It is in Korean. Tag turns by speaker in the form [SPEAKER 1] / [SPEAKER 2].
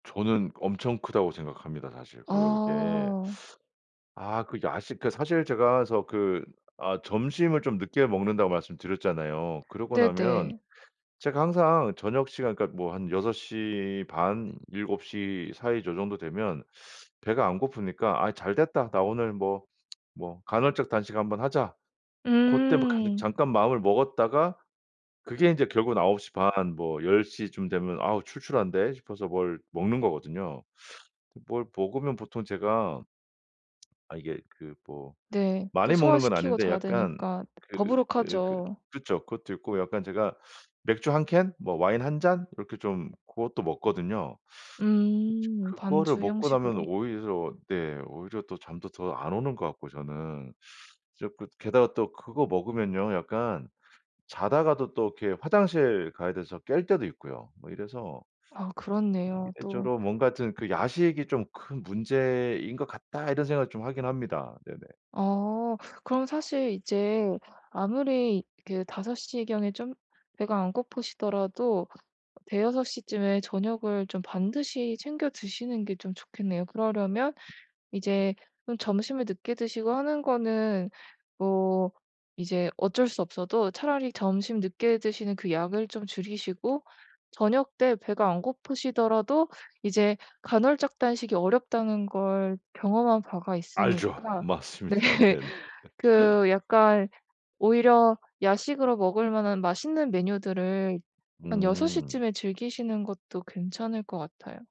[SPEAKER 1] 저는 엄청 크다고 생각합니다. 사실 그게
[SPEAKER 2] 아.
[SPEAKER 1] 아 그 야식 그 사실 제가 저 그 아 점심을 좀 늦게 먹는다고 말씀드렸잖아요. 그러고 나면
[SPEAKER 2] 네네.
[SPEAKER 1] 제가 항상 저녁 시간 그러니까 뭐 한 6:30 7:00 사이 저 정도 되면 배가 안 고프니까 "아이 잘됐다. 나 오늘 뭐 뭐 간헐적 단식 한번 하자." 고때 뭐 간
[SPEAKER 2] 음.
[SPEAKER 1] 잠깐 마음을 먹었다가 그게 인제 결국은 9:30 뭐 10:00 쯤 되면 아우 출출한데 싶어서 뭘 먹는 거거든요. 뭘 먹으면 보통 제가 아 이게 그 뭐
[SPEAKER 2] 네. 또
[SPEAKER 1] 많이 먹는 건
[SPEAKER 2] 소화시키고
[SPEAKER 1] 아닌데
[SPEAKER 2] 자야
[SPEAKER 1] 약간
[SPEAKER 2] 되니까
[SPEAKER 1] 그 그
[SPEAKER 2] 더부룩하죠.
[SPEAKER 1] 그쵸 그것도 있고 약간 제가 맥주 1 캔 뭐 와인 1 잔 이렇게 좀 고것도 먹거든요. 그쵸.
[SPEAKER 2] 음
[SPEAKER 1] 그거를
[SPEAKER 2] 반주
[SPEAKER 1] 먹고 나면
[SPEAKER 2] 형식으로.
[SPEAKER 1] 오히려 네 오히려 또 잠도 더 안 오는 것 같고 저는. 자꾸 게다가 또 그거 먹으면요, 약간 자다가도 또 이렇게 화장실 가야 돼서 깰 때도 있고요. 뭐 이래서
[SPEAKER 2] 아 그렇네요
[SPEAKER 1] 이래저래
[SPEAKER 2] 또.
[SPEAKER 1] 뭔가 하여튼 그 야식이 좀 큰 문제인 것 같다 이런 생각을 좀 하긴 합니다. 네네.
[SPEAKER 2] 어. 그럼 사실 이제 아무리 그 5 시경에 좀 배가 안 고프시더라도 5-6 시쯤에 저녁을 좀 반드시 챙겨 드시는 게 좀 좋겠네요. 그러려면 이제 좀 점심을 늦게 드시고 하는 거는 뭐 이제 어쩔 수 없어도 차라리 점심 늦게 드시는 그 양을 좀 줄이시고 저녁때 배가 안 고프시더라도 이제 간헐적 단식이 어렵다는 걸 경험한 바가
[SPEAKER 1] 알죠.
[SPEAKER 2] 있으니까 네
[SPEAKER 1] 맞습니다. 네네.
[SPEAKER 2] 그 약간 오히려 야식으로 먹을 만한 맛있는 메뉴들을 한 6
[SPEAKER 1] 음.
[SPEAKER 2] 시쯤에 즐기시는 것도 괜찮을 것 같아요.